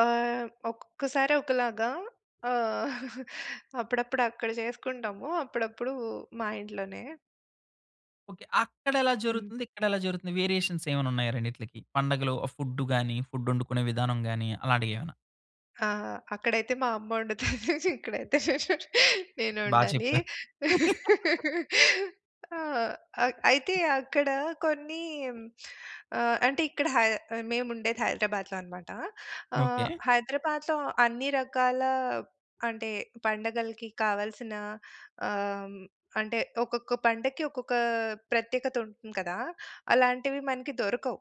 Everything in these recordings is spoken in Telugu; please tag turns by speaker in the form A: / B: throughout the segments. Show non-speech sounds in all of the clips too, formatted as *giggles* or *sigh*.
A: ఆహ్, ఒక్కొక్కసారి ఒకలాగా ఆహ్, *chuckles* అప్పుడప్పుడు అక్కడ జేసుకుంటాము. అప్పుడప్పుడు మా ఇంట్లోనే.
B: ఓకే. అక్కడెలా
A: హ్మ్.
B: జరుగుతుంది? ఇక్కడెలా జరుగుతుంది? వేరియేషన్స్ ఏమన్నా ఉన్నాయా రెండిట్లకి పండగలో ఫుడ్ గాని ఫుడ్ ఒండుకునే విధానం గాని అలాంటియేమన్నా?
A: ఆ! అక్కడైతే మా అమ్మ ఒండుతది ఇక్కడైతే నేను
B: బా
A: ఒండాలి
B: చెప్పారు. *laughs*
A: ఆహ్, అక్ అయితే అక్కడ కొన్ని ఆహ్, అంటే ఇక్కడ హై మేముండేది హైదరాబాద్‌లో అన్నమాట ఆహ్,
B: ఓకే.
A: హైదరాబాద్‌లో అన్ని రకాల అంటే పండగలకి కావాల్సిన ఆహ్, అంటే ఒక్కొక్క పండక్కి ఒక్కొక్క ప్రత్యేకతుంటుంది కదా! అలాంటివి మనకి దొరకవు.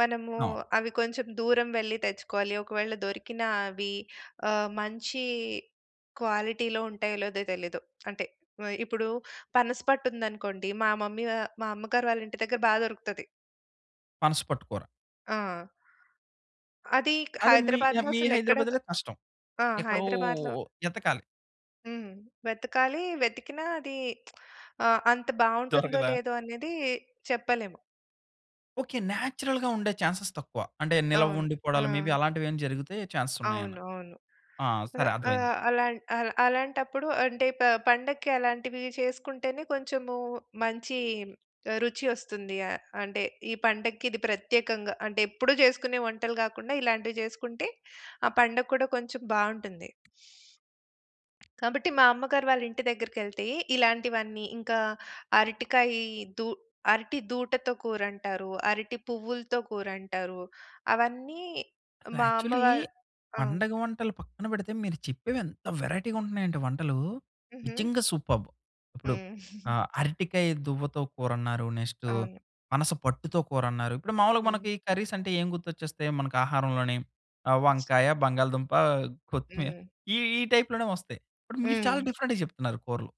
A: మనము
B: అవును.
A: అవి కొంచెం దూరం వెళ్లి తెచ్చుకోవాలి. ఒకవేళ దొరికిన అవి ఆహ్, మంచి క్వాలిటీలో ఉంటాయో? లేదో? తెలీదు. అంటే వె ఇప్పుడు పనస పట్టు ఉందనుకోండి మా మమ్మీ వా మా అమ్మగారు వాళ్ళ ఇంటి దగ్గర బా దొరుకుతది.
B: పనసపట్టు కూర.
A: ఆ! అది
B: అదే మీ
A: హైదరాబాద్‌లో
B: ఆహ్, మీ
A: అసలెక్కడ దొ
B: హైదరాబాద్‌లో కష్టం
A: ఆ!
B: ఎక్కడో
A: హైదరాబాద్‌లో
B: ఎతకాలి.
A: హ్మ్. వెతకాలి. వెతికినా అది *smacks lips* ఆహ్, అంత బావుంటుందో
B: దొరకదా?
A: లేదో అనేది చెప్పలేము.
B: ఓకే. నేచురల్‌గా ఉండే చాన్స్‌స్ తక్కువ. అంటే నిల్వ
A: అవును.
B: ఉండిపోవడాలు మే బీ
A: ఆ!
B: అలాంటివేమైనా జరిగితే చాన్స్‌స్
A: అవును.
B: ఉన్నాయన్నా.
A: అవును.
B: ఆ!
A: ఆహ్,
B: సరే అర్థమైంది.
A: ఆహ్, అలాన్ అలాన్ అలాంటప్పుడు అంటే ప పండక్కి అలాంటివి చేసుకుంటేనే కొంచెము మంచి ఆహ్, రుచి ఒస్తుంది. ఆహ్, అంటే ఈ పండక్కి ఇది ప్రత్యేకంగా అంటే ఎప్పుడూ జేసుకునే వంటలు గాకుండా ఇలాంటివి జేసుకుంటే ఆ పండగ కూడా కొంచెం బావుంటుంది. *smacks lips* కాబట్టి మా అమ్మగారు వాళ్ళింటి దగ్గరకెళ్తే ఇలాంటివన్నీ ఇంకా అరటికాయ దూ అరటి దూటతో కూరంటారు. అరటి పువ్వులతో కూరంటారు. అవన్నీ మా అమ్మ
B: యాక్చువల్లీ
A: వాళ్ళు ఆ!
B: పండగ వంటలు పక్కన బెడితే మీరు చెప్పేవి ఎంత వేరైటీగా ఉంటున్నాయంటే వంటలు!
A: హుహు.
B: నిజంగా సూపర్బ్! ఇప్పుడు
A: హ్మ్.
B: ఆహ్,
A: *giggles*
B: అరటికాయ దువ్వతో కూరన్నారు నెక్స్ట్
A: అవును.
B: పనసపట్టుతో కూరన్నారు ఇప్పుడు మామూలుగా
A: హ్మ్.
B: మనకి కర్రీస్ అంటే ఏం గుర్తొచ్చేస్తాయి మనకు ఆహారంలోనీ ఆహ్, వంకాయ బంగాళాదుంప కొత్తిమీర
A: హ్మ్.
B: ఈ, ఈ టైప్‌లోనే వస్తాయి ఇప్పుడు మీరు చాలా
A: హ్మ్.
B: డిఫరెంట్‌గా చెప్తున్నారు కూరలు.